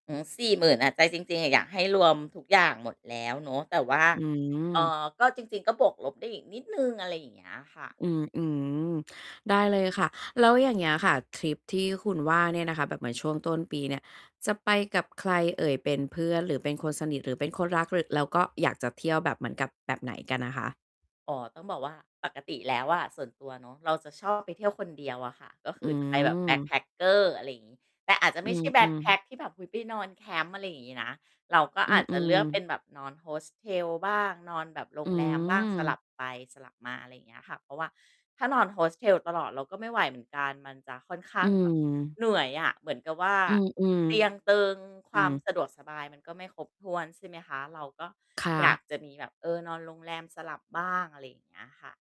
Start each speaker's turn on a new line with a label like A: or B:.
A: อืม 40,000 อะ ใจจริง ๆ อยากให้รวมทุกอย่างหมดแล้วเนาะ แต่ว่า
B: อื
A: เอ่
B: ม
A: อ ก็จริง ๆ ก็บวกลบได้อีกนิดหนึ่ง อะไรอย่างเงี้ยค่ะ
B: อืม อือ ได้เลยค่ะ แล้ว อย่างเงี้ยค่ะ ทริปที่คุณว่าเนี่ยนะคะ แบบเหมือนช่วงต้นปีเนี่ย จะไปกับใครเอ่ยเป็นเพื่อน หรือเป็นคนสนิท หรือเป็นคนรัก หรือ แล้วก็อยากจะเที่ยวแบบ เหมือนกับแบบไหนกันอะคะ?
A: อ๋อ ต้องบอกว่า ปกติแล้วอะส่วนตัวเนาะ เราจะชอบไปเที่ยวคนเดียวอะค่ะ ก็ค
B: อื
A: ือจะไปแบบ
B: ม
A: backpacker อะไรอย่างงี้ แต่อาจจะ
B: อ
A: ไม่ใช่แบ
B: ื
A: ็ก
B: ม
A: แพ็
B: ๆ
A: กที่แบบ อุ๊ย ไปนอนแคมป์ อะไรอย่างงี้นะ เราก็
B: อื
A: อาจจะเลือ
B: อ
A: กเป็
B: ๆ
A: นแบบนอน Hostel บ้าง นอนแบบโร
B: อื
A: งแรมบ้าง สลั
B: ม
A: บไปสลับมา อะไรอย่างเงี้ยค่ะ เพราะว่าถ้านอน Hostel ตลอด เราก็ไม่ไหวเหมือนกัน มันจะค่อนข้
B: อื
A: างแบบ
B: ม
A: เหนื่อยอะ เหมือนกับว่า
B: อืม
A: เตียงเต
B: ๆ
A: ิง ค
B: อ
A: ว
B: ื
A: าม
B: อ
A: สะดวกสบาย มันก็ไม่ครบถ้วน ใช่ไหมคะ เราก็
B: ค่
A: อยาก
B: ะ
A: จะมีแบบ เออ นอนโรงแรมสลับบ้าง อะไรอย่างเงี้ยค่ะ